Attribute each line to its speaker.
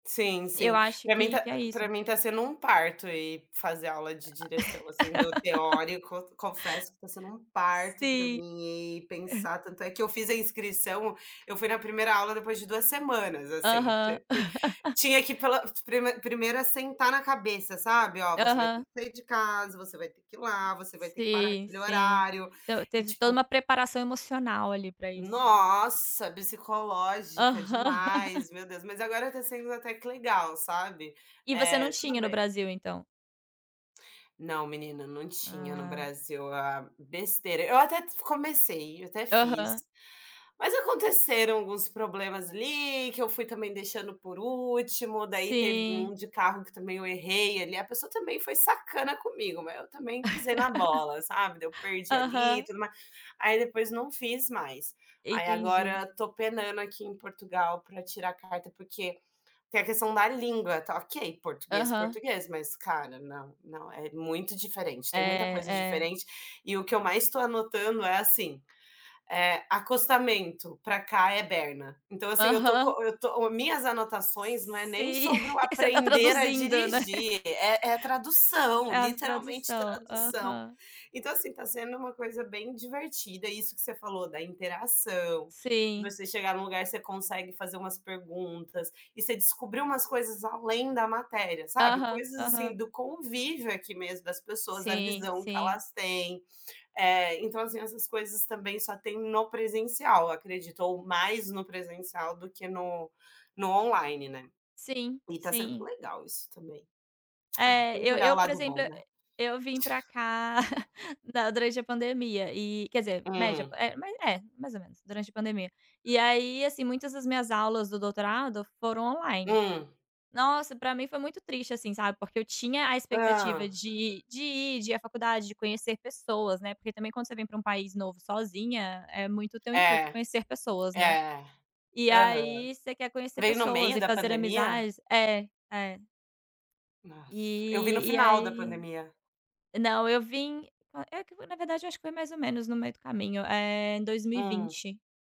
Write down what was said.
Speaker 1: Sim,
Speaker 2: Eu
Speaker 1: sim,
Speaker 2: acho
Speaker 1: pra mim
Speaker 2: que
Speaker 1: tá
Speaker 2: que é
Speaker 1: pra
Speaker 2: isso.
Speaker 1: mim tá sendo um parto ir fazer aula de direção, assim, do teórico, confesso que tá sendo um parto pra
Speaker 2: Sim.
Speaker 1: mim e pensar tanto é que eu fiz a inscrição eu fui na primeira aula depois de 2 semanas assim,
Speaker 2: Aham.
Speaker 1: t t tinha que pela pr prime primeiro assentar na cabeça, sabe, "Ó, você vai ter
Speaker 2: Aham.
Speaker 1: que sair de casa, você vai ter que ir lá, você vai ter que parar
Speaker 2: Sim,
Speaker 1: aquele
Speaker 2: sim,
Speaker 1: horário",
Speaker 2: t
Speaker 1: e
Speaker 2: teve toda
Speaker 1: tipo
Speaker 2: uma preparação emocional ali pra isso, né.
Speaker 1: Nossa, psicológica
Speaker 2: Aham.
Speaker 1: demais, meu Deus, mas agora tá sendo até que legal, sabe,
Speaker 2: E você não
Speaker 1: eh, tudo
Speaker 2: tinha no
Speaker 1: bem.
Speaker 2: Brasil, então?
Speaker 1: Não, menina, não tinha no
Speaker 2: Ah.
Speaker 1: Brasil a besteira, eu até f comecei, eu até fiz,
Speaker 2: Aham.
Speaker 1: mas aconteceram alguns problemas ali que eu fui também deixando por último daí teve um
Speaker 2: Sim.
Speaker 1: de carro que também eu errei ali a pessoa também foi sacana comigo, mas eu também pisei na bola sabe, daí eu perdi ali
Speaker 2: Aham.
Speaker 1: tudo mais. Aí depois não fiz mais, aí
Speaker 2: Entendi
Speaker 1: agora tô penando aqui em Portugal para tirar carta porque, tem a questão da língua, tá ok, português
Speaker 2: Aham.
Speaker 1: português mas cara, não, não, é muito diferente,
Speaker 2: É,
Speaker 1: tem muita coisa
Speaker 2: é.
Speaker 1: diferente, e o que eu mais tô anotando é assim, é acostamento pra cá é berna, então assim eu tô
Speaker 2: Aham.
Speaker 1: co eu tô minhas anotações não é nem
Speaker 2: Sim,
Speaker 1: sobre o
Speaker 2: você tá
Speaker 1: aprender a
Speaker 2: traduzindo, né.
Speaker 1: dirigir, é é a tradução,
Speaker 2: É a
Speaker 1: literalmente
Speaker 2: tradução,
Speaker 1: tradução.
Speaker 2: aham.
Speaker 1: Então, assim, tá sendo uma coisa bem divertida isso que você falou da interação, de
Speaker 2: Sim.
Speaker 1: você chegar num lugar você consegue fazer umas perguntas, e você descobrir umas coisas além da matéria, sabe,
Speaker 2: Aham,
Speaker 1: coisas assim
Speaker 2: aham.
Speaker 1: do convívio aqui mesmo das pessoas, a
Speaker 2: Sim,
Speaker 1: visão que
Speaker 2: sim.
Speaker 1: elas tem, eh, então assim essas coisas também só tem no presencial acredito, ou mais no presencial do que no no online, né.
Speaker 2: Sim,
Speaker 1: E tá sendo
Speaker 2: sim.
Speaker 1: legal isso também, ah,
Speaker 2: Eh,
Speaker 1: tem que
Speaker 2: eu
Speaker 1: olhar o
Speaker 2: eu, por
Speaker 1: lado bom
Speaker 2: exemplo, e
Speaker 1: né.
Speaker 2: eu vim pra cá, na durante a pandemia e, quer dizer média,
Speaker 1: Hum.
Speaker 2: é ma é, mais ou menos, durante a pandemia e aí assim muitas das minhas aulas do doutorado foram online,
Speaker 1: Hum.
Speaker 2: nossa pra mim foi muito triste assim, sabe, porque eu tinha a
Speaker 1: Hã.
Speaker 2: expectativa de de ir, de ir à faculdade, de conhecer pessoas, né, porque também quando você vem pra um país novo sozinha, é muito o teu intuito
Speaker 1: É,
Speaker 2: conhecer pessoas, né,
Speaker 1: é,
Speaker 2: e
Speaker 1: aham.
Speaker 2: aí você quer conhecer
Speaker 1: Veio no
Speaker 2: pessoas
Speaker 1: meio
Speaker 2: e
Speaker 1: da
Speaker 2: fazer
Speaker 1: pandemia?
Speaker 2: amizades é, é.
Speaker 1: Nossa, eu vim no
Speaker 2: E e
Speaker 1: final da
Speaker 2: aí
Speaker 1: pandemia.
Speaker 2: não, eu vim é que foi na verdade eu acho que foi mais ou menos no meio do caminho eh, em dois mil e
Speaker 1: Hum.
Speaker 2: vinte.